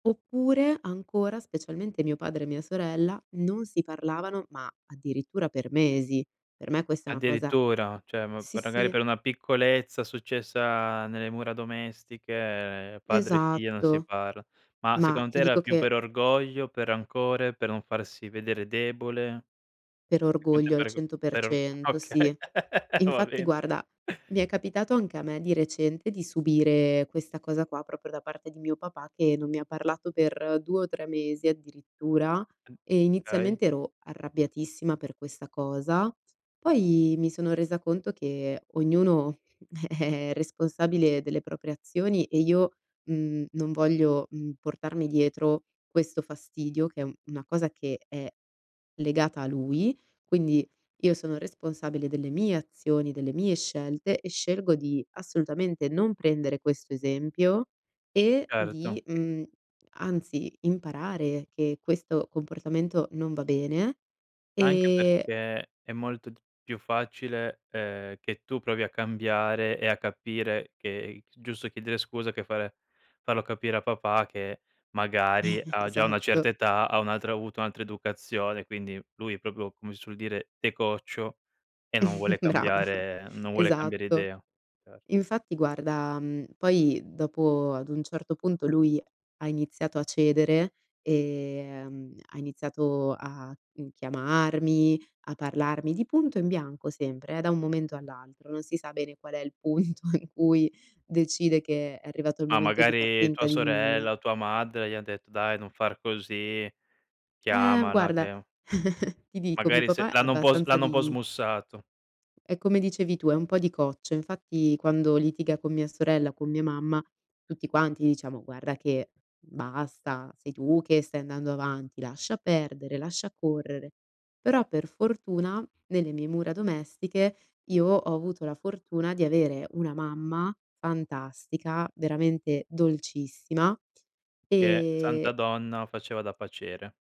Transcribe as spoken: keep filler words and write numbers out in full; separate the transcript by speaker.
Speaker 1: Oppure, ancora, specialmente mio padre e mia sorella, non si parlavano, ma addirittura per mesi. Per me questa è una cosa
Speaker 2: Addirittura, cioè ma
Speaker 1: sì,
Speaker 2: per ragari
Speaker 1: sì.
Speaker 2: per una piccolezza successa nelle mura domestiche, padre e figlia non si
Speaker 1: Esatto,
Speaker 2: parla. Ma
Speaker 1: ma
Speaker 2: secondo
Speaker 1: ti
Speaker 2: te era
Speaker 1: dico
Speaker 2: più
Speaker 1: che
Speaker 2: per orgoglio, per rancore, per non farsi vedere debole?
Speaker 1: Per orgoglio, al
Speaker 2: [unintelligible]
Speaker 1: cento per
Speaker 2: per or
Speaker 1: cento,
Speaker 2: okay,
Speaker 1: sì.
Speaker 2: va
Speaker 1: Infatti
Speaker 2: bene.
Speaker 1: guarda, mi è capitato anche a me di recente di subire questa cosa qua, proprio da parte di mio papà, che non mi ha parlato per due o tre mesi, addirittura
Speaker 2: N
Speaker 1: e
Speaker 2: kay.
Speaker 1: inizialmente ero arrabbiatissima per questa cosa, poi mi sono resa conto che ognuno è responsabile delle proprie azioni e io, mhmm, non voglio, mhmm, portarmi dietro questo fastidio, che è un una cosa che è legata a lui, quindi io sono responsabile delle mie azioni, delle mie scelte e scelgo di assolutamente non prendere questo esempio e
Speaker 2: Certo.
Speaker 1: di, mhmm, anzi, imparare che questo comportamento non va bene,
Speaker 2: Anche
Speaker 1: e
Speaker 2: perché è molto d più facile, ehm, che tu provi a cambiare e a capire che i s giusto chiedere scusa che fare farlo capire a papà che, magari, ha già una certa
Speaker 1: Esatto.
Speaker 2: età, ha un'altra ha avuto un'altra educazione. Quindi, lui è propio come si suol dire, de coccio e non vuole
Speaker 1: Bravo,
Speaker 2: cambiare non vuole cambiare
Speaker 1: esatto.
Speaker 2: idea. Cer
Speaker 1: Infatti guarda, mhmm, poi dopo ad un certo punto lui ha iniziato a cedere e ehm, ha iniziato a, uhm, chiamarmi, a parlarmi di punto in bianco sempre, eh, da un momento all'altro. Non si sa bene qual è il punto in cui decide che è arrivato il
Speaker 2: Ma
Speaker 1: momento di far
Speaker 2: magari
Speaker 1: finta
Speaker 2: tua
Speaker 1: di nulla.
Speaker 2: sorella o tua madre, gli han detto: "Dai, non far così,
Speaker 1: Ehm,
Speaker 2: chiamala
Speaker 1: guarda,
Speaker 2: che"
Speaker 1: ti dico, mio
Speaker 2: Magari se
Speaker 1: papà è
Speaker 2: l'hanno un po' s
Speaker 1: abbastanza
Speaker 2: l'hanno un po'
Speaker 1: di
Speaker 2: smussato.
Speaker 1: è come dicevi tu, è un po' di coccio. Infatti, quando litiga con mia sorella o con mia mamma, tutti quanti diciamo: "Guarda che basta, sei tu che stai andando avanti, lascia perdere, lascia correre". Però, per fortuna, nelle mie mura domestiche io ho avuto la fortuna di avere una mamma fantastica, veramente dolcissima,
Speaker 2: Che santa
Speaker 1: e
Speaker 2: donna, faceva da paciere.